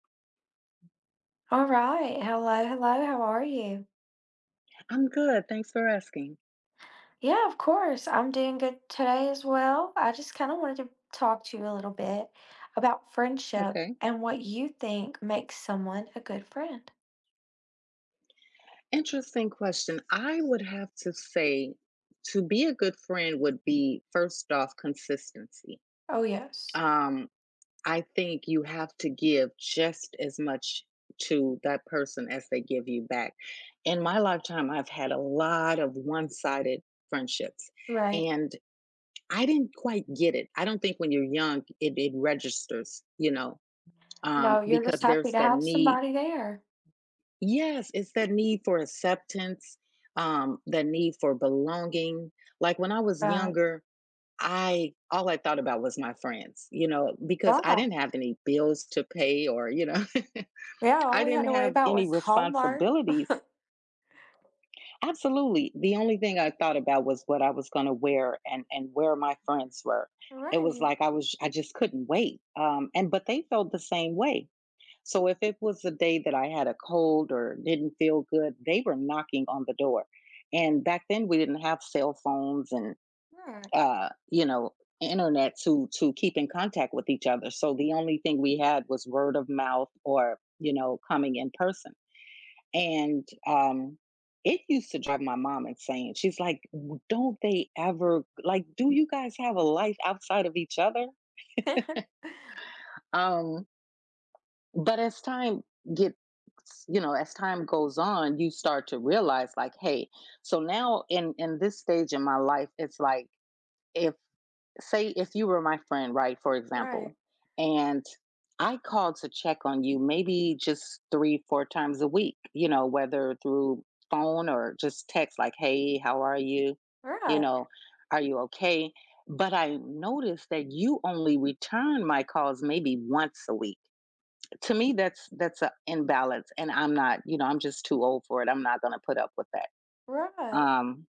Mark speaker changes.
Speaker 1: Alright, hello, hello, how are you?
Speaker 2: I'm good, thanks for asking.
Speaker 1: Yeah, of course, I'm doing good today as well, I just kinda wanted to talk to you a little bit about friendship
Speaker 2: Okay.
Speaker 1: and what you think makes someone a good friend.
Speaker 2: Interesting question, I would have to say to be a good friend would be, first off, consistency.
Speaker 1: Oh yes.
Speaker 2: Um, I think you have to give just as much to that person as they give you back. In my lifetime, I've had a lot of one-sided friendships,
Speaker 1: Right.
Speaker 2: and I didn't quite get it, I don't think when you're young, it it registers, you know? Um,
Speaker 1: No, you're just
Speaker 2: because
Speaker 1: happy
Speaker 2: there's
Speaker 1: to
Speaker 2: that
Speaker 1: have
Speaker 2: need
Speaker 1: somebody there.
Speaker 2: Yes, it's that need for acceptance, um, that need for belonging. Like, when I was
Speaker 1: Right.
Speaker 2: younger, I all I thought about was my friends, you know? Because I
Speaker 1: Wow.
Speaker 2: didn't have any bills to pay or, you know.
Speaker 1: Yeah, all
Speaker 2: I
Speaker 1: we had
Speaker 2: didn't
Speaker 1: to worry
Speaker 2: have
Speaker 1: about
Speaker 2: any
Speaker 1: was homework.
Speaker 2: responsibilities Absolutely, the only thing I thought about was what I was gonna wear and and where my friends were. It was
Speaker 1: Right.
Speaker 2: like I was I just couldn't wait, um, and but they felt the same way. So if it was a day that I had a cold or didn't feel good, they were knocking on the door. And back then, we didn't have cell phones and,
Speaker 1: Right.
Speaker 2: uh, you know, internet to to keep in contact with each other, so the only thing we had was word of mouth or, you know, coming in person. And, um, it used to drive my mom insane, she's like, "W don't they ever, like, do you guys have a life outside of each other?" Um but as time gets you know, as time goes on, you start to realize, like, "Hey," so now in in this stage in my life, it's like if say if you were my friend, right, for example,
Speaker 1: Right.
Speaker 2: and I called to check on you maybe just 3, 4 times a week, you know, whether through phone or just text like, "Hey, how are you?" You
Speaker 1: Right.
Speaker 2: know, "Are you okay?" But I noticed that you only return my calls maybe once a week. To me, that's that's a imbalance and I'm not, you know, I'm just too old for it, I'm not gonna put up with that.
Speaker 1: Right.
Speaker 2: Um